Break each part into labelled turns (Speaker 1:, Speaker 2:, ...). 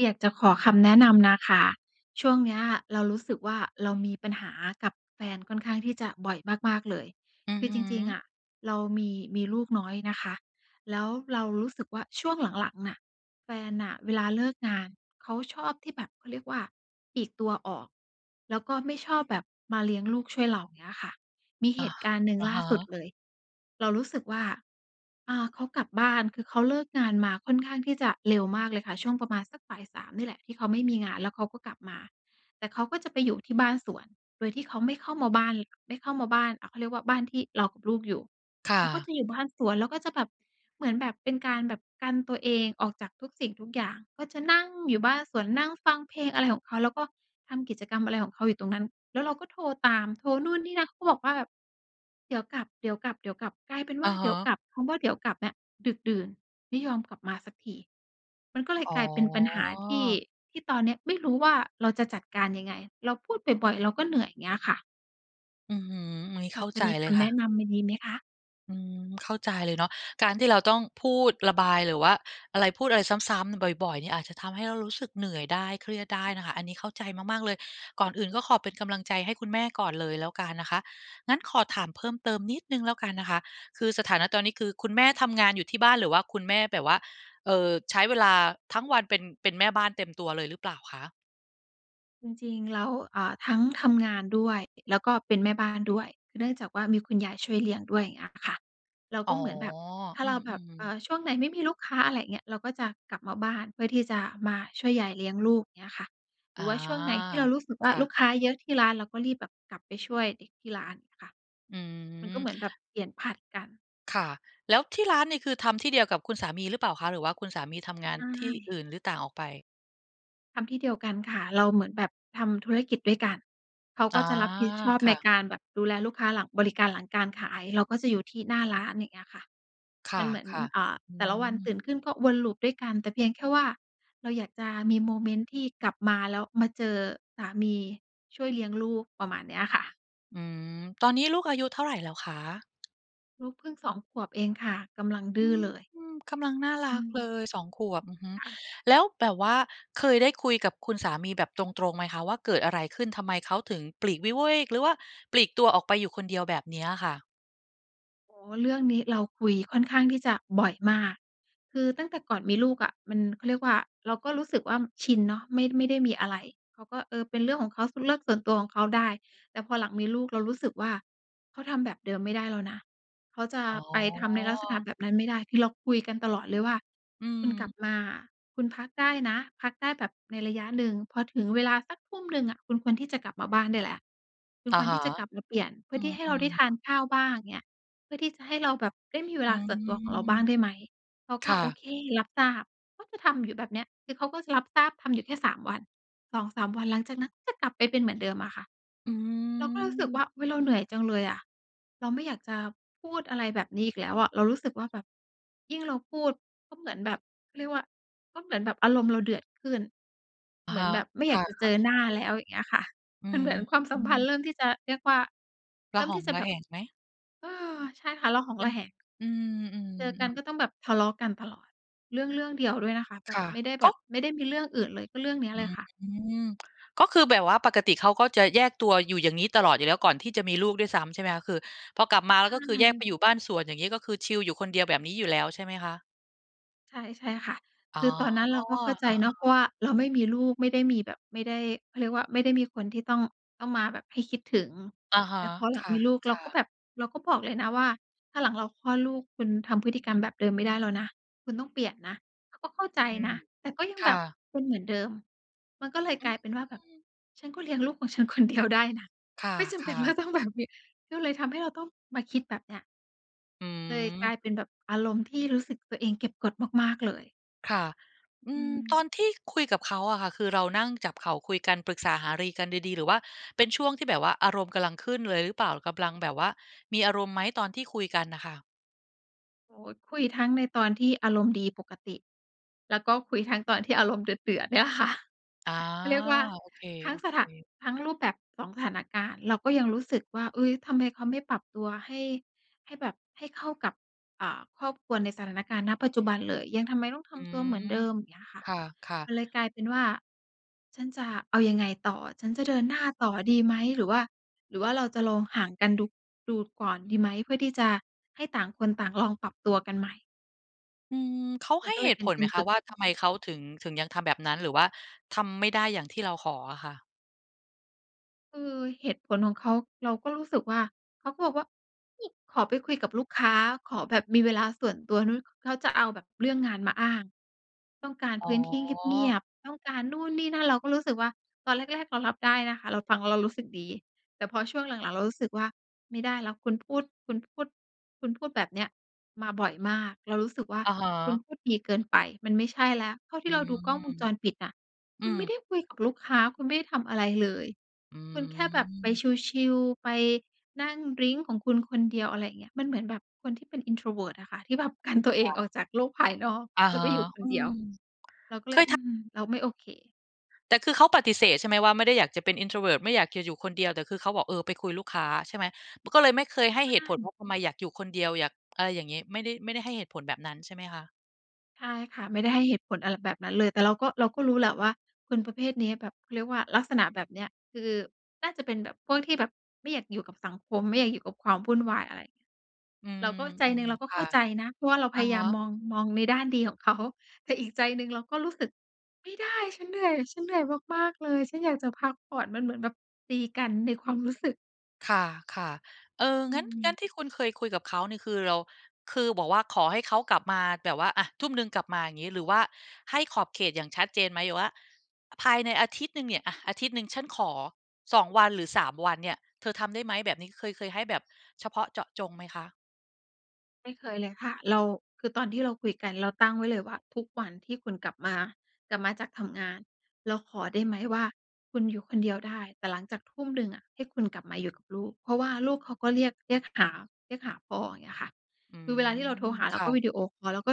Speaker 1: อยากจะขอคำแนะนำนะคะ ช่วงเนี้ยเรารู้สึกว่า เรามีปัญหากับแฟนค่อนข้างที่จะบ่อยมาก ๆ เลย
Speaker 2: อือ
Speaker 1: คือ
Speaker 2: ฮ
Speaker 1: จริง ๆ
Speaker 2: ึ
Speaker 1: อะ เรามี มีลูกน้อยนะคะ แล้วเรารู้สึกว่าช่วงหลัง ๆ น่ะ แฟนน่ะเวลาเลิกงานเขาชอบที่แบบ เขาเรียกว่า ปลีกตัวออก แล้วก็ไม่ชอบแบบมาเลี้ยงลูกช่วยเราเงี้ยค่ะ มี
Speaker 2: อ
Speaker 1: เห
Speaker 2: ะ
Speaker 1: ตุการณ์หนึ่ง
Speaker 2: อะ
Speaker 1: ล่
Speaker 2: ฮ
Speaker 1: าสุด
Speaker 2: ะ
Speaker 1: เลย เรารู้สึกว่า อ่า เขากลับบ้าน คือ เขาเลิกงานมาค่อนข้างที่จะเร็วมากเลยค่ะ ช่วงประมาณสักบ่าย 3 นี่แหละที่เขาไม่มีงาน แล้วเขาก็กลับมา แต่เขาก็จะไปอยู่ที่บ้านสวน โดยที่เขาไม่เข้ามาบ้านเลย ไม่เข้ามาบ้านอะ เขาเรียกว่าบ้านที่เรากับลูกอยู่
Speaker 2: ค่
Speaker 1: เขาก็
Speaker 2: ะ
Speaker 1: จะอยู่บ้านสวน แล้วก็จะแบบ เหมือนแบบ เป็นการแบบกันตัวเองออกจากทุกสิ่งทุกอย่าง ก็จะนั่งอยู่บ้านสวน นั่งฟังเพลงอะไรของเขา แล้วก็ ทำกิจกรรมอะไรของเขาอยู่ตรงนั้น แล้วเราก็โทรตาม โทรนู่นนี่นั่น เขาบอกว่า "เดี๋ยวกลับ ๆ ๆ" กลายเป็นว
Speaker 2: อ
Speaker 1: ่า
Speaker 2: ะ
Speaker 1: เ
Speaker 2: ฮ
Speaker 1: ดี๋ยว
Speaker 2: ะ
Speaker 1: กลับ คำว่า "เดี๋ยวกลับ" เนี้ยดึกดื่น ไม่ยอมกลับมาสักที มันก็เลย
Speaker 2: อ๋
Speaker 1: กลายเป็นปัญหาที่
Speaker 2: อ
Speaker 1: ที่ตอนนี้ไม่รู้ว่าเราจะจัดการยังไง เราพูดบ่อย ๆ เราก็เหนื่อย เงี้ยค่ะ
Speaker 2: อื้อฮือ อันนี้
Speaker 1: พ
Speaker 2: เข
Speaker 1: อ
Speaker 2: ้า
Speaker 1: จ
Speaker 2: ใ
Speaker 1: ะ
Speaker 2: จ
Speaker 1: มี
Speaker 2: เล
Speaker 1: ค
Speaker 2: ย
Speaker 1: ำ
Speaker 2: ค
Speaker 1: แ
Speaker 2: ่
Speaker 1: นะ
Speaker 2: ะ
Speaker 1: นำดี ๆ ไหมคะ?
Speaker 2: อืม เข้าใจเลยเนาะ การที่เราต้องพูดระบายหรือว่าอะไร พูดอะไรซ้ำ ๆ บ่อย ๆ เนี่ย อาจจะทำให้เรารู้สึกเหนื่อยได้ เครียดได้นะคะ อันนี้เข้าใจมาก ๆ เลย ก่อนอื่นก็ขอเป็นกำลังใจให้คุณแม่ก่อนเลยแล้วกันนะคะ งั้นขอถามเพิ่มเติมนิดหนึ่งแล้วกันนะคะ คือสถานะตอนนี้ คือคุณแม่ทำงานอยู่ที่บ้าน หรือว่าคุณแม่แบบว่า เอ่อ ใช้เวลาทั้งวันเป็น เป็นแม่บ้านเต็มตัวเลยหรือเปล่าคะ?
Speaker 1: จริง ๆ แล้ว เอ่อ ทั้งทำงานด้วย แล้วก็เป็นแม่บ้านด้วย เนื่องจากว่ามีคุณยายช่วยเลี้ยงด้วย เงี้ยค่ะ เรา
Speaker 2: อ๋
Speaker 1: ก
Speaker 2: อ
Speaker 1: ็เหมือนแบบ ถ้
Speaker 2: อ
Speaker 1: า
Speaker 2: ื
Speaker 1: เราแบบ
Speaker 2: ม
Speaker 1: เอ่
Speaker 2: ๆ
Speaker 1: อ ช่วงไหนไม่มีลูกค้า อะไรเงี้ย เราก็จะกลับมาบ้านเพื่อที่จะมาช่วยยายเลี้ยงลูก เงี้ยค่ะ หร
Speaker 2: อ
Speaker 1: ื
Speaker 2: า
Speaker 1: อว่าช่วงไหนที่เรารู้สึกว่
Speaker 2: ค
Speaker 1: า
Speaker 2: ่ะ
Speaker 1: ลูกค้าเยอะที่ร้าน เราก็รีบแบบกลับไปช่วยเด็กที่ร้านค่ะ
Speaker 2: อื
Speaker 1: มันก็
Speaker 2: ม
Speaker 1: เหมือนแบบเปลี่ยนผลัดกัน
Speaker 2: ค่ะ แล้วที่ร้านนี่คือทำที่เดียวกับคุณสามีหรือเปล่าคะ? หรือว่าคุณสามีทำงาน
Speaker 1: ใช
Speaker 2: ที่อ
Speaker 1: ่
Speaker 2: ื่น หรือต่างออกไป?
Speaker 1: ทำที่เดียวกันค่ะ เราเหมือนแบบทำธุรกิจด้วยกัน เขา
Speaker 2: อ
Speaker 1: ก
Speaker 2: า
Speaker 1: ็จะรับผิดชอบ
Speaker 2: ค
Speaker 1: ใ
Speaker 2: ่
Speaker 1: น
Speaker 2: ะ
Speaker 1: การแบบดูแลลูกค้าหลัง บริการหลังการขาย เราก็จะอยู่ที่หน้าร้าน อย่างเงี้ยค่ะ
Speaker 2: ค
Speaker 1: มันเหมือน
Speaker 2: ่ะ
Speaker 1: อ่า
Speaker 2: ๆ อื
Speaker 1: แต่ละวัน
Speaker 2: ม
Speaker 1: ตื่นขึ้นก็วน loop ด้วยกัน แต่เพียงแค่ว่าเราอยากจะมีโมเมนต์ที่กลับมาแล้วมาเจอสามีช่วยเลี้ยงลูก ประมาณเนี้ยค่ะ
Speaker 2: อืม ตอนนี้ลูกอายุเท่าไรแล้วคะ?
Speaker 1: ลูกพึ่ง 2 ขวบเองค่ะ กำลังด
Speaker 2: อื
Speaker 1: ื้อเลย
Speaker 2: ม กำลังน่าร
Speaker 1: อื
Speaker 2: ักเล
Speaker 1: ม
Speaker 2: ย 2 ขวบ อือฮึ
Speaker 1: ค่ะ
Speaker 2: แล้วแบบว่าเคยได้คุยกับคุณสามีแบบตรง ๆ ไหมคะว่า เกิดอะไรขึ้น ทำไมเขาถึงปลีกวิเวก หรือว่าปลีกตัวออกไปอยู่คนเดียวแบบเนี้ยค่ะ?
Speaker 1: อ๋อ เรื่องนี้เราคุยค่อนข้างที่จะบ่อยมาก คือตั้งแต่ก่อนมีลูกอะ มัน เขาเรียกว่า เราก็รู้สึกว่า ม ชินเนาะ ไม่ ไม่ได้มีอะไร เขาก็ เออ เป็นเรื่องของเขา ส เป็นเรื่องส่วนตัวของเขาได้ แต่พอหลังมีลูก เรารู้สึกว่าเขาทำแบบเดิมไม่ได้แล้วนะ เขาจะ
Speaker 2: อ๋
Speaker 1: ไปทำในลักษณะ
Speaker 2: อ
Speaker 1: แบบนั้นไม่ได้ คือเราคุยกันตลอดเลยว่า
Speaker 2: อื
Speaker 1: "คุณกลับ
Speaker 2: ม
Speaker 1: มาอะ คุณพักได้นะ พักได้แบบในระยะหนึ่ง พอถึงเวลาสักทุ่มหนึ่งอะ คุณควรที่จะกลับมาบ้านได้แล้ว คุณ
Speaker 2: อะ
Speaker 1: ควร
Speaker 2: ฮ
Speaker 1: ท
Speaker 2: ะ
Speaker 1: ี่จะกลับมาเปลี่ยน เพื
Speaker 2: อ
Speaker 1: ่
Speaker 2: ื
Speaker 1: อที่ให้เราได
Speaker 2: ม
Speaker 1: ้ท
Speaker 2: ๆ
Speaker 1: านข้าวบ้าง อย่างเงี้ย เพื่อที่จะให้เราแบบได้มีเว
Speaker 2: อื
Speaker 1: ลาส่วนตัวของเรา
Speaker 2: ม
Speaker 1: บ้างได้ไหม?" เขา
Speaker 2: ค
Speaker 1: ก็
Speaker 2: ่
Speaker 1: "โอ
Speaker 2: ะ
Speaker 1: เค รับทราบ" เขาจะทำอยู่แบบเนี้ย คือเขาก็จะรับทราบ ทำอยู่แค่ 3 วัน 2-3 วัน หลังจากนั้นก็จะกลับไปเป็นเหมือนเดิมอะค่ะ
Speaker 2: อื
Speaker 1: เราก็รู้สึกว่
Speaker 2: ม
Speaker 1: า อุ๊ย เราเหนื่อยจังเลยอะ เราไม่อยากจะพูดอะไรแบบนี้อีกแล้วอะ เรารู้สึกว่าแบบ ยิ่งเราพูด ก็เหมือนแบบ เขาเรียกว่า ก็เหมือนแบบอารมณ์เราเดือดขึ้น
Speaker 2: อะ
Speaker 1: เหมื
Speaker 2: ฮ
Speaker 1: อน
Speaker 2: ะ
Speaker 1: แบบไม่
Speaker 2: ค
Speaker 1: อย
Speaker 2: ่
Speaker 1: า
Speaker 2: ะ
Speaker 1: กจะ
Speaker 2: เ
Speaker 1: เ
Speaker 2: ข
Speaker 1: จ
Speaker 2: ้า
Speaker 1: อ
Speaker 2: ใจ
Speaker 1: หน้าแล้ว อย่างเงี้ยค่ะ
Speaker 2: อื
Speaker 1: มันเหมือนความสัมพันธ
Speaker 2: ม
Speaker 1: ์เริ่มที่จะ เรียกว่า เ
Speaker 2: ร
Speaker 1: ร
Speaker 2: ะ
Speaker 1: ิ่ม
Speaker 2: หอ
Speaker 1: ที
Speaker 2: ง
Speaker 1: ่จะ
Speaker 2: ร
Speaker 1: แ
Speaker 2: ะ
Speaker 1: บ
Speaker 2: แ
Speaker 1: บ
Speaker 2: หงไหม?
Speaker 1: ใช่ค่ะ ระหอง
Speaker 2: อื
Speaker 1: ระ
Speaker 2: ม
Speaker 1: แหง
Speaker 2: อื
Speaker 1: เจอกั
Speaker 2: ม
Speaker 1: น
Speaker 2: ๆ ๆ
Speaker 1: ก็ต้องแบบทะเลาะกันตลอด เรื่องเรื่องเดียวด้วยนะคะ แบ
Speaker 2: ค
Speaker 1: บ
Speaker 2: ่ะ
Speaker 1: ไม่ได้
Speaker 2: ก
Speaker 1: แบ
Speaker 2: ็
Speaker 1: บ ไม่ได้มีเรื่องอื่นเลย ก็เรื่องเนี้ย
Speaker 2: อื
Speaker 1: เลยค่ะ
Speaker 2: ม ก็คือแบบว่าปกติเขาก็จะแยกตัวอยู่อย่างนี้ตลอดอยู่แล้ว ก่อนที่จะมีลูกด้วยซ้ำใช่ไหมคะ? คือพอกลับมาแ
Speaker 1: ใ
Speaker 2: ล
Speaker 1: ช
Speaker 2: ้ว ก็คือแยกไป
Speaker 1: ่
Speaker 2: อยู่บ้านสวนอย่างนี้ ก็คือชิลอยู่คนเดียวแบบนี้อยู่แล้วใช่ไหมคะ?
Speaker 1: ใช่ ๆ ค่ะ
Speaker 2: อ๋
Speaker 1: ค
Speaker 2: อ
Speaker 1: ือตอนนั้นเราก็เข้าใจ
Speaker 2: อา
Speaker 1: เนาะ เพ
Speaker 2: ๆ
Speaker 1: ราะว่าเราไม่มีลูก ไม่มีแบบ ไม่ได้ เขาเรียกว่า ไม่ได้มีคนที่ต้อง ต้องมาแบบให้คิดถึง
Speaker 2: อะฮ
Speaker 1: แต
Speaker 2: ะ
Speaker 1: ่พอหลั
Speaker 2: ค
Speaker 1: งมีลูก เรา
Speaker 2: ่ะ
Speaker 1: ก็
Speaker 2: ๆ
Speaker 1: แบบ เราก็บอกเลยนะว่า "ถ้าหลังเราคลอดลูก คุณทำพฤติกรรมแบบเดิมไม่ได้แล้วนะ คุณต้องเปลี่ยนนะ" เขาก็เข้าใจ
Speaker 2: อืม
Speaker 1: นะ แต่ก็ยั
Speaker 2: ค
Speaker 1: งแ
Speaker 2: ่
Speaker 1: บบ
Speaker 2: ะ
Speaker 1: เป็นเหมือนเดิม มันก็เลย
Speaker 2: อื
Speaker 1: กลายเป็นว่า แบบ
Speaker 2: ม
Speaker 1: "ฉันก็เลี้ยงลูกของฉัน คนเดียวได้นะ
Speaker 2: ค
Speaker 1: ไม่จำเป็
Speaker 2: ่
Speaker 1: น
Speaker 2: ะ
Speaker 1: ว่
Speaker 2: ๆ
Speaker 1: าต้องแบบมี" ก็เลยทำให้เราต้องมาคิดแบบเนี้ย
Speaker 2: อื
Speaker 1: เลยกล
Speaker 2: ม
Speaker 1: ายเป็นแบบอารมณ์ ที่รู้สึกตัวเองเก็บกดมาก ๆ เลย
Speaker 2: ค่ะ อื
Speaker 1: อื
Speaker 2: ม
Speaker 1: ม
Speaker 2: ตอนที่คุยกับเขาอะค่ะ คือเรานั่งจับเข่าคุยกันปรึกษาหารือ กันดี ๆ หรือว่าเป็นช่วงที่แบบว่าอารมณ์กำลังขึ้นเลยหรือเปล่า? กำลังแบบว่ามีอารมณ์ไหมตอนที่คุยกันน่ะค่ะ?
Speaker 1: โอ คุยทั้งในตอนที่อารมณ์ดีปกติ แล้วก็คุยทั้งตอนที่อารมณ์เดือด ๆ เนี่ยค่ะ
Speaker 2: อ๋อ
Speaker 1: เขาเรียกว่า
Speaker 2: โอเค
Speaker 1: ทั้งสถะ
Speaker 2: ๆ
Speaker 1: ทั้งรูปแบบ 2 สถานการณ์ เราก็ยังรู้สึกว่า เฮ้ย! ทำไมเขาไม่ปรับตัวให้ ให้แบบให้เข้ากับ อ่า ครอบครัวในสถานการณ์ ณ ปัจจุบันเลย ยัง ทำไมต้องท
Speaker 2: อื
Speaker 1: ำตัวเหมือน
Speaker 2: ม
Speaker 1: เดิม อย่างเงี้ยค่ะ
Speaker 2: ค่ะ
Speaker 1: ม
Speaker 2: ๆ
Speaker 1: ันเลยกลายเป็นว่า "ฉันจะเอายังไงต่อ? ฉันจะเดินหน้าต่อดีไหม? หรือว่า หรือว่าเราจะลองห่างกันดู ดูก่อนดีไหม?" เพื่อที่จะให้ต่างคนต่างลองปรับตัวกันใหม่
Speaker 2: อืม เขา
Speaker 1: ม
Speaker 2: ให
Speaker 1: ั
Speaker 2: ้
Speaker 1: นก็เ
Speaker 2: เ
Speaker 1: ล
Speaker 2: ห
Speaker 1: ย
Speaker 2: ตุ
Speaker 1: เป็
Speaker 2: ผ
Speaker 1: น
Speaker 2: ล
Speaker 1: เป
Speaker 2: ไห
Speaker 1: ็
Speaker 2: ม
Speaker 1: น
Speaker 2: ค
Speaker 1: ต
Speaker 2: ะ
Speaker 1: ึก
Speaker 2: ว่า ทำไมเขาถึง ถึงยังทำแบบนั้น หรือว่าทำไม่ได้อย่างที่เราขออะค่ะ?
Speaker 1: คือเหตุผลของเขา เราก็รู้สึกว่า เขาก็บอกว่า นี่ "ขอไปคุยกับลูกค้า ขอแบบมีเวลาส่วนตัว" นู้น เขาจะ เอาแบบเรื่องงานมาอ้าง "ต้องการ
Speaker 2: อ๋
Speaker 1: พื้นที่เงี
Speaker 2: อ
Speaker 1: ยบ ๆ ต้องการนู่นนี่นั่น" เราก็รู้สึกว่า ตอนแรก ๆ เรารับได้นะคะ เราฟังแล้วเรารู้สึกดี แต่พอช่วงหลัง ๆ เรารู้สึกว่าไม่ได้แล้ว คุณพูด คุณพูด คุณพูดแบบเนี้ยมาบ่อยมาก เรารู้สึกว่า
Speaker 2: อะฮ
Speaker 1: คุณ
Speaker 2: ะ
Speaker 1: พูดดีเกินไป มันไม่ใช่แล้ว เท่าท
Speaker 2: อ
Speaker 1: ี
Speaker 2: ื
Speaker 1: ่เรา
Speaker 2: ม
Speaker 1: ดูกล้องวงจรปิดน่ะ
Speaker 2: อ
Speaker 1: ค
Speaker 2: ื
Speaker 1: ุณ
Speaker 2: ม
Speaker 1: ไม่ได้คุยกับลูกค้า คุณไม่ได้ทำอะไรเลย
Speaker 2: อื
Speaker 1: คุณแค่แบบไป
Speaker 2: ม
Speaker 1: ชิล ๆ ไปนั่งดริงก์ของคุณคนเดียว อะไรเงี้ย มันเหมือนแบบคนที่เป็น introvert อะค่ะ ที่แบบ กันตัวเอ
Speaker 2: ค่
Speaker 1: ง
Speaker 2: ะ
Speaker 1: ออกจากโลก ภายนอก
Speaker 2: อะ
Speaker 1: แล้
Speaker 2: ฮ
Speaker 1: วไ
Speaker 2: ะ
Speaker 1: ปอยู่ค
Speaker 2: อ
Speaker 1: น
Speaker 2: ื
Speaker 1: เดี
Speaker 2: ม
Speaker 1: ยว
Speaker 2: เค
Speaker 1: เราก็เลย
Speaker 2: ย
Speaker 1: อ
Speaker 2: ท
Speaker 1: ื
Speaker 2: ะ
Speaker 1: ม เราไม่โอเค
Speaker 2: แต่คือเขาปฏิเสธใช่ไหมว่า ไม่ได้อยากจะเป็น introvert ไม่อยากจะอยู่คนเดียว แต่คือเขาบอก เออ ไปคุยลูกค้าใช่ไหม? ป ก็เลยไม่เคยให้
Speaker 1: อ
Speaker 2: เ
Speaker 1: า
Speaker 2: หตุผล
Speaker 1: อื
Speaker 2: เ
Speaker 1: ม
Speaker 2: พราะ ทำไมอยากอยู่คนเดียว อยาก อะไรอย่างงี้ ไม่ได้ ไม่ได้ให้เหตุผลแบบนั้นใช่ไหมคะ?
Speaker 1: ใช่ค่ะ ไม่ได้ให้เหตุผลอะไรแบบนั้นเลย แต่เราก็ เราก็รู้แหละว่า คนประเภทนี้แบบเขาเรียกว่า ลักษณะแบบเนี้ย คือ น่าจะเป็นแบบ พวกที่แบบ ไม่อยากอยู่กับสังคม ไม่อยากอยู่กับความวุ่นวายอะไร
Speaker 2: อื
Speaker 1: เร
Speaker 2: ม
Speaker 1: าก็ ใจหนึ่งเราก
Speaker 2: ๆ
Speaker 1: ็
Speaker 2: ค
Speaker 1: เข
Speaker 2: ่ะ
Speaker 1: ้าใจนะ เพราะว่าเรา
Speaker 2: อ
Speaker 1: พ
Speaker 2: ะ
Speaker 1: ยา
Speaker 2: ฮ
Speaker 1: ยาม
Speaker 2: ะ
Speaker 1: มอง มองในด้านดีของ เขา แต่อีกใจหนึ่งเราก็รู้สึก "ไม่ได้ ฉันเหนื่อย ฉันเหนื่อยมาก ๆ เลย ฉันอยากจะพักผ่อน" มันเหมือนแบบตีกันในความรู้สึก
Speaker 2: ค่ะ ๆ เออ
Speaker 1: อื
Speaker 2: งั้น งั้
Speaker 1: ม
Speaker 2: นที่คุณเคยคุยกับเขานี่ คือเรา คือบอกว่า ขอให้เขากลับมาแบบว่า อะ ทุ่มหนึ่งกลับมาอย่างงี้ หรือว่าให้ขอบเขตอย่างชัดเจนไหม? หรือว่า ภายในอาทิตย์หนึ่งเนี่ย อะ อาทิตย์หนึ่งฉันขอ 2 วัน หรือ 3 วันเนี่ย เธอทำได้ไหมแบบนี้ เคย เคยให้แบบเฉพาะเจาะจงไหมคะ?
Speaker 1: ไม่เคยเลยค่ะ เรา คือตอนที่เราคุยกัน เราตั้งไว้เลยว่า "ทุกวันที่คุณกลับมา กลับมาจากทำงาน เราขอได้ไหมว่า คุณอยู่คนเดียวได้ แต่หลังจากทุ่มหนึ่งอะ ให้คุณกลับมาอยู่กับลูก" เพราะว่าลูกเขาก็เรียก เรียกหา เรียกหาพ่อ อย่างเงี้ยค่ะ
Speaker 2: อื
Speaker 1: คือเวลาที่เราโทร
Speaker 2: ม
Speaker 1: หาเ
Speaker 2: ค
Speaker 1: รา
Speaker 2: ่ะ
Speaker 1: วิดีโอคอล แล้วก็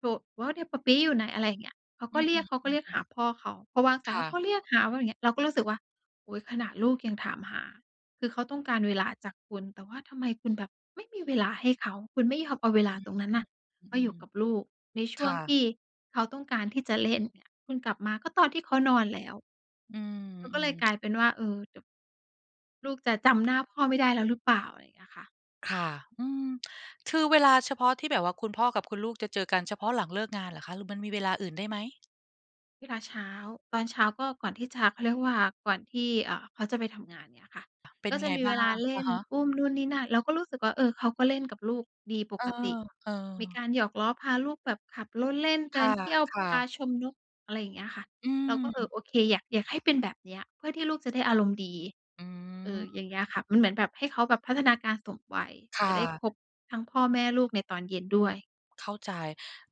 Speaker 1: โทร" [unintelligible] ปาปี๊อยู่ไหน" อะไรอย่างเงี้ย เขา
Speaker 2: อื
Speaker 1: ก็เรีย
Speaker 2: ม
Speaker 1: ก เขาก็เรียก
Speaker 2: ๆ
Speaker 1: หาพ่อเขา พอวางสา
Speaker 2: ค
Speaker 1: ยเ
Speaker 2: ่
Speaker 1: ขาก
Speaker 2: ะ
Speaker 1: ็เรียกหาเขาอย่างเงี้ย เราก็รู้สึกว่า โอ้ ขนาดลูกยังถามหา คือเขาต้องการเวลาจากคุณ แต่ว่าทำไมคุณแบบไม่มีเวลาให้เขา คุณไม่ยอมเอาเวลาตรงนั้น
Speaker 2: อ
Speaker 1: น่ะ ม
Speaker 2: ื
Speaker 1: าอยู
Speaker 2: อ
Speaker 1: ่กับ
Speaker 2: ๆ
Speaker 1: ลูกในช
Speaker 2: ๆ ค
Speaker 1: ่ว
Speaker 2: ่
Speaker 1: งท
Speaker 2: ะ
Speaker 1: ี่ เขาต้องการที่จะเล่นเนี่ย คุณกลับมาก็ตอนที่เขานอนแล้ว
Speaker 2: อื
Speaker 1: แล้วก็เล
Speaker 2: ม
Speaker 1: ยก
Speaker 2: ๆ
Speaker 1: ลายเป็นว่า เออ เดี๋ยว ลูกจะจำหน้าพ่อไม่ได้แล้วหรือเปล่า อะไรอย่างเงี้ยค่ะ
Speaker 2: ค่ะ อืม คือเวลาเฉพาะที่แบบว่าคุณพ่อกับคุณลูกจะเจอกัน เฉพาะหลังเลิกงานเหรอคะ หรือมันมีเวลาอื่นได้ไหม?
Speaker 1: เวลาเช้า ตอนเช้าก็ก่อนที่จะ เขาเรียกว่าก่อนที่ เอ่อ เขาจะไปทำงานเงี้ยค่ะ
Speaker 2: เป็น
Speaker 1: ก็
Speaker 2: ยั
Speaker 1: จ
Speaker 2: ง
Speaker 1: ะ
Speaker 2: ไง
Speaker 1: มี
Speaker 2: บ
Speaker 1: เ
Speaker 2: ้
Speaker 1: ว
Speaker 2: า
Speaker 1: ลา
Speaker 2: ง?
Speaker 1: เล
Speaker 2: อ
Speaker 1: ่
Speaker 2: ะ
Speaker 1: น
Speaker 2: ฮะ
Speaker 1: อุ้มนู่นนี่นั่น เราก็รู้สึกว่า เออ เขาก็เล่นกับลูกดีป
Speaker 2: เออ
Speaker 1: กติ
Speaker 2: เอ
Speaker 1: มี
Speaker 2: อ
Speaker 1: การหยอกล้อพาลูกแบบขับรถเล่น เ
Speaker 2: ค
Speaker 1: ดิ
Speaker 2: ่
Speaker 1: น
Speaker 2: ะ
Speaker 1: เที่ยว
Speaker 2: ค่
Speaker 1: พา
Speaker 2: ะ
Speaker 1: ชมนกอะไรอย่างเงี้ยค่ะ
Speaker 2: อ
Speaker 1: เราก็ เออ
Speaker 2: ืม
Speaker 1: โอเค อยาก อยากให้เป็นแบบเนี้ย เพื่อที่ลูกจะได้อารมณ์ดี
Speaker 2: อื
Speaker 1: เออ
Speaker 2: ม
Speaker 1: อย่างเงี้ยค่ะ มันเหมือนแบบให้เขาแบบพัฒนาการสมวัย
Speaker 2: ค่
Speaker 1: จะได้
Speaker 2: ะ
Speaker 1: ครบทั้งพ่อแม่ลูกในตอนเย็นด้วย
Speaker 2: เข้าใจ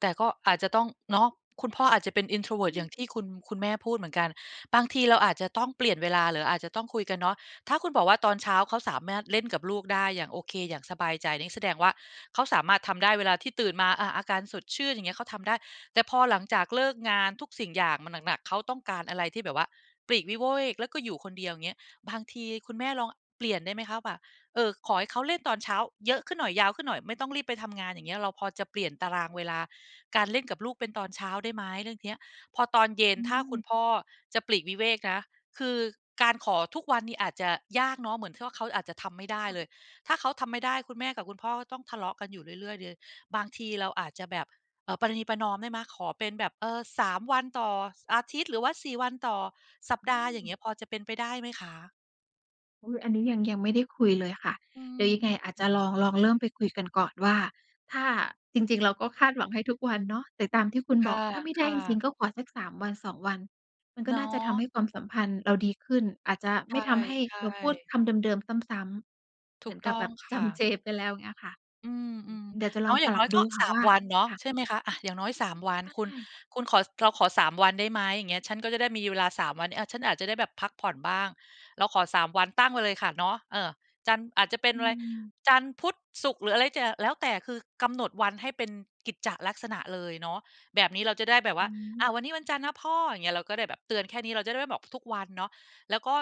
Speaker 2: แต่ก็อาจจะต้อง เนาะ คุณพ่ออาจจะเป็น
Speaker 1: อ
Speaker 2: introvert อย่างที
Speaker 1: ือ
Speaker 2: ่คุณ คุณแม่พูดเหมือนกัน บางทีเราอาจจะต้องเปลี่ยนเวลา หรืออาจจะต้องคุยกันเนาะ ถ้าคุณบอกว่าตอนเช้าเขาสามารถ เล่นกับลูกได้อย่างโอเค อย่างสบายใจ นี่แสดงว่าเขาสามารถทำได้เวลาที่ตื่นมา อะ อาการสดชื่นอย่างเงี้ยเขาทำได้ แต่พอหลังจากเลิกงาน ทุกสิ่งอย่างมันหนัก ๆ เขาต้องการอะไรที่แบบว่าปลีกวิเวก แล้วก็อยู่คนเดียวอย่างเงี้ย บางทีคุณแม่ลองเปลี่ยนได้ไหมคะว่า เออ ขอให้เขาเล่นตอนเช้าเยอะขึ้นหน่อย ยาวขึ้นหน่อย ไม่ต้องรีบไปทำงานอย่างเงี้ย เราพอจะเปลี่ยนตารางเวลาการเล่นกับลูกเป็นตอนเช้าได้ไหมเรื่องเนี้ย? พอตอนเย็
Speaker 1: อ
Speaker 2: น
Speaker 1: ื
Speaker 2: ถ้าคุณ
Speaker 1: ม
Speaker 2: พ่อจะปลีกวิเวกนะ คือการขอทุกวันนี่อาจจะยากเนาะ เหมือนที่ว่าเขาอาจจะทำไม่ได้
Speaker 1: ค่ะ
Speaker 2: เลย ถ้าเขาทำไม่ได้ คุณแม่กับคุณพ่อก็ต้องทะเลาะกันอยู่เรื่อย ๆ เดือย บางทีเราอาจจะแบบ เอ่อ ประนีประนอมได้ไหม? ขอเป็นแบบ เออ 3 วันต่อ ส อาทิตย์ หรือว่า 4 วันต่อสัป
Speaker 1: อ
Speaker 2: ด
Speaker 1: ื
Speaker 2: าห์อย่า
Speaker 1: ม
Speaker 2: งเงี้ย พอจะเป็นไปได้ไหมคะ?
Speaker 1: เออ อันนี้ยัง ยังไม่ได้คุยเลยค่ะ
Speaker 2: อื
Speaker 1: เดี๋ยว
Speaker 2: ม
Speaker 1: ยังไงอาจจ
Speaker 2: ๆ
Speaker 1: ะ
Speaker 2: ๆ
Speaker 1: ลอง ลองเริ่มไปคุยกันก่อนว่า ถ้า จริง ๆ เราก็คาดหวังให้ทุกวันเนาะ แต่ตามที่คุณ
Speaker 2: ค
Speaker 1: บอก ถ้าไม่ได้
Speaker 2: ่ะ
Speaker 1: จริ
Speaker 2: ๆ
Speaker 1: ง ๆ ก็ขอสัก 3 วัน 2 วัน มันก
Speaker 2: เ
Speaker 1: ็
Speaker 2: นา
Speaker 1: น่าจะท
Speaker 2: ะ
Speaker 1: ำให้ความสัมพันธ์เราดีขึ้น อาจจะ
Speaker 2: ใ
Speaker 1: ไ
Speaker 2: ช
Speaker 1: ม่ทำให้
Speaker 2: ่
Speaker 1: เราพูด
Speaker 2: ๆ
Speaker 1: คำเดิม ๆ ซ้ำ ๆ
Speaker 2: ถ
Speaker 1: เห
Speaker 2: ู
Speaker 1: มื
Speaker 2: ก
Speaker 1: อน
Speaker 2: ต
Speaker 1: ก
Speaker 2: ้
Speaker 1: ั
Speaker 2: อ
Speaker 1: บแบ
Speaker 2: ง
Speaker 1: บ
Speaker 2: ค
Speaker 1: จ
Speaker 2: ่ะ
Speaker 1: ำเจ ไปแล้วเงี้ยค่ะ
Speaker 2: อื
Speaker 1: อืม
Speaker 2: ม
Speaker 1: เดี๋ยวจะ
Speaker 2: ๆ เน
Speaker 1: ล
Speaker 2: า
Speaker 1: อง
Speaker 2: ะ อย่
Speaker 1: ป
Speaker 2: าง
Speaker 1: ร
Speaker 2: น
Speaker 1: ั
Speaker 2: ้อ
Speaker 1: บ
Speaker 2: ยก
Speaker 1: ด
Speaker 2: ็
Speaker 1: ูค่
Speaker 2: ส
Speaker 1: ะ
Speaker 2: า
Speaker 1: ว
Speaker 2: ม
Speaker 1: ่า
Speaker 2: วันเนาะ
Speaker 1: ค่ะ
Speaker 2: ใช่ไหมคะ อะ อย่างน้อย
Speaker 1: อื
Speaker 2: 3
Speaker 1: ม
Speaker 2: วัน
Speaker 1: ใช
Speaker 2: คุณ
Speaker 1: ่
Speaker 2: คุณขอ "เราขอ 3 วันได้ไหม?" อย่างเงี้ย "ฉันก็จะได้มีเวลา 3 วันนี้ อะ ฉันอาจจะได้แบบพักผ่อนบ้าง เราขอ 3 วัน" ตั้งไว้เลยค่ะเนาะ เออ จันทร์ อาจจะเป็น
Speaker 1: อื
Speaker 2: อะไร
Speaker 1: ม
Speaker 2: จันทร์ พุธ ศุกร์ หรืออะไรจะ แล้วแต่ คือกำหนดวันให้เป็นกิจจะลักษณะเลยเนาะ แบบนี้เราจะได้แบบว
Speaker 1: อ
Speaker 2: ่
Speaker 1: ือ
Speaker 2: า
Speaker 1: ฮ
Speaker 2: อ
Speaker 1: ึ
Speaker 2: ะ "วันนี้วันจันทร์นะพ่อ" อย่างเงี้ย เราก็ได้แบบเตือนแค่นี้ เราจะได้ไม่บอกทุกวันเนาะ แล้วก็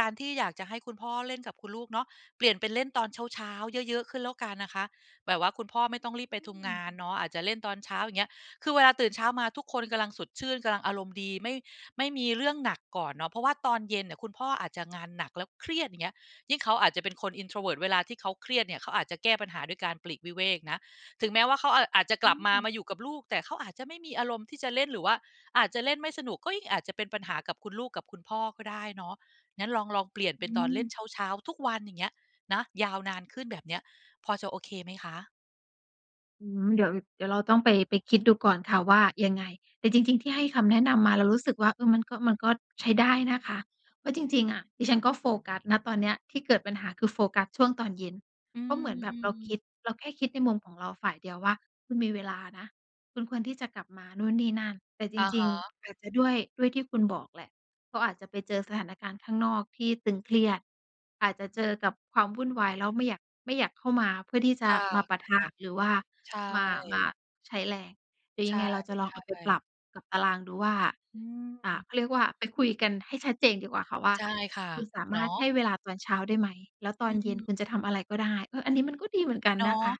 Speaker 2: การที่อยากจะให้คุณพ่อเล่นกับคุณลูกเนาะ เปลี่ยนเป็นเล่นตอนเช้า ๆ เยอะ ๆ ขึ้นแล้วกันนะคะ แบบว่าคุณพ่อไม่ต้องร
Speaker 1: อ
Speaker 2: ี
Speaker 1: ื
Speaker 2: บไปทำ ง
Speaker 1: ม
Speaker 2: านเนาะ อาจจะเล่นตอนเช้า อย่างเงี้ย คือเวลาตื่นเช้ามาทุกคนกำลังสดชื่น กำลังอารมณ์ดี ไม่ ไม่มีเรื่องหนักก่อนเนาะ เพราะว่าตอนเย็นเนี่ย คุณพ่ออาจจะงานหนักแล้วเครียด อย่างเงี้ย ยิ่งเขาอาจจะเป็นคน introvert เวลาที่เขาเครียดเนี่ย เขาอาจจะแก้ปัญหาด้วยการปลีกวิเวกนะ ถึงแม้ว่าเขา อ อาจจะก
Speaker 1: อ
Speaker 2: ล
Speaker 1: ื
Speaker 2: ับมา
Speaker 1: ม
Speaker 2: มาอยู่กับลูก แต่เขาอาจจะไม่มีอารมณ์ที่จะเล่น หรือว่าอาจจะเล่นไม่สนุก ก็ยิ่งอาจจะเป็นปัญหากับคุณลูกกับคุณพ่อก็ได้เนาะ งั้นลอง ลองเปลี่ยน
Speaker 1: อ
Speaker 2: เป็
Speaker 1: ื
Speaker 2: นตอนเล่
Speaker 1: ม
Speaker 2: นเช้า ๆ ทุกวัน อย่างเงี้ย นะ ยาวนานขึ้นแบบเนี้ย พอจะโอเคไหมคะ?
Speaker 1: อืม เดี๋ยว เดี๋ยวเราต้องไป ไปคิดดูก่อนค่ะว่ายังไง แต่จริง ๆ ที่ให้คำแนะนำมาเรารู้สึกว่า อืม มันก็ มันก็ใช้ได้นะคะว่า จริง ๆ อะ ดิฉันก็โฟกัส ณ ตอนเนี้ยที่เกิดปัญหา คือโฟกัสช่วงตอนเย็น
Speaker 2: อื
Speaker 1: เพราะเหมือนแบบเราค
Speaker 2: ม ๆ
Speaker 1: ิด เราแค่คิดในมุมของเราฝ่ายเดียวว่า คุณมีเวลานะ คุณควรที่จะกลับมานู่นนี่นั่น แต่จ
Speaker 2: อะ
Speaker 1: ร
Speaker 2: ฮ
Speaker 1: ิง
Speaker 2: ะ
Speaker 1: ๆ อาจจะด้วย ด้วยที่คุณบอกแหละ เขาอาจจะไปเจอสถานการณ์ข้างนอกที่ตึงเครียด อาจจะเจอกับความวุ่นวาย แล้วไม่อยาก ไม่อยากเข้ามา เพื่อที่จ
Speaker 2: ค
Speaker 1: ะ
Speaker 2: ่ะ
Speaker 1: มาปะทะ หรือว่า
Speaker 2: ๆ ใช่
Speaker 1: มา มาใช้แรง แต่ย
Speaker 2: ใช
Speaker 1: ั
Speaker 2: ่
Speaker 1: งไงเราจะลองเอาไปปร
Speaker 2: ๆ
Speaker 1: ับกับตารางดูว่า
Speaker 2: อ
Speaker 1: อ่า
Speaker 2: ืม
Speaker 1: เขาเรียกว่า ไปคุยกันให้ชัดเจนดีกว่าค่ะว่า
Speaker 2: ใช่ค่ะ
Speaker 1: "คุณสา
Speaker 2: เ
Speaker 1: ม
Speaker 2: นา
Speaker 1: ารถให
Speaker 2: ะ
Speaker 1: ้เวลาตอนเช้าได้ไหม? แล้วตอ
Speaker 2: อ
Speaker 1: นเย็น
Speaker 2: ืม
Speaker 1: คุณจะทำอะไรก็ได้" เออ อันนี้มันก็ดีเหมือนกัน
Speaker 2: เน
Speaker 1: น
Speaker 2: า
Speaker 1: ะ
Speaker 2: ะ
Speaker 1: คะ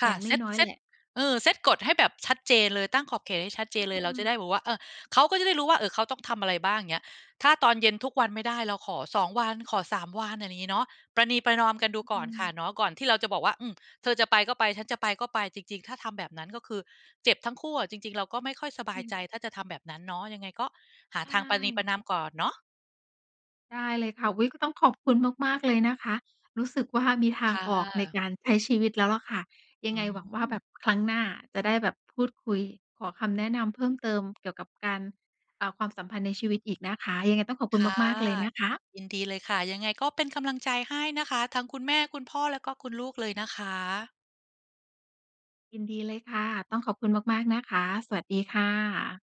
Speaker 2: ค
Speaker 1: อ
Speaker 2: ่
Speaker 1: ย
Speaker 2: ะ
Speaker 1: ่าง
Speaker 2: เซต
Speaker 1: น้อย
Speaker 2: เซ
Speaker 1: ๆ แห
Speaker 2: ต
Speaker 1: ละ
Speaker 2: เอ่อ เซตกฎให้แบบชัดเจนเลย ตั้งขอบเขตให้ชัดเจ
Speaker 1: อื
Speaker 2: นเลย เราจะได
Speaker 1: ม
Speaker 2: ้แบบว่า เออ เขาก็จะได้รู้ว่า เออ เขาต้องทำอะไรบ้าง เงี้ย ถ้าตอนเย็นทุกวันไม่ได้ เราขอ 2 วัน ขอ 3 วัน อะไรอย่างงี้เนาะ ประนีประนอมกันดูก
Speaker 1: อ
Speaker 2: ่
Speaker 1: ื
Speaker 2: อนค่ะ
Speaker 1: ม
Speaker 2: เนาะ ก่อนที่เราจะบอกว่า "อืม เธอจะไปก็ไป ฉันจะไปก็ไป" จริง ๆ ถ้าทำแบบนั้น ก็คือเจ็บทั้งคู่อะ จริง ๆ เราก็ไม่ค่อยสบ
Speaker 1: อ
Speaker 2: า
Speaker 1: ื
Speaker 2: ยใ
Speaker 1: ม
Speaker 2: จ ถ้าจะทำแบบนั้นเนาะ ยังไงก็หา
Speaker 1: ใช
Speaker 2: ทางประนีปร
Speaker 1: ่
Speaker 2: ะนาม ก่อนเนาะ
Speaker 1: ได้เลยค่ะ อุ๊ย! ก็ต้องขอบคุณมาก ๆ เลยนะคะ รู้สึกว่ามีท
Speaker 2: ค
Speaker 1: าง
Speaker 2: ่
Speaker 1: ออกใน
Speaker 2: ะ
Speaker 1: การใช้ชีวิตแล้วล่ะค่ะ ย
Speaker 2: อ
Speaker 1: ั
Speaker 2: ื
Speaker 1: งไงหวังว่า
Speaker 2: ม
Speaker 1: แบบครั้งหน้าจะได้แบบพูดคุย ขอคำแนะนำเพิ่มเติมเกี่ยวกับการ อ่า ความสัมพันธ์ในชีวิตอีกนะคะ ยังไงต้องขอบคุ
Speaker 2: ค
Speaker 1: ณ
Speaker 2: ่ะ
Speaker 1: มาก ๆ เลยนะคะ
Speaker 2: ยินดีเลยค่ะ ยังไงก็เป็นกำลังใจให้นะคะ ทั้งคุณแม่ คุณพ่อ และก็คุณลูกเลยนะคะ
Speaker 1: ยินดีเลยค่ะ ต้องขอบคุณมาก ๆ นะคะ สวัสดีค่ะ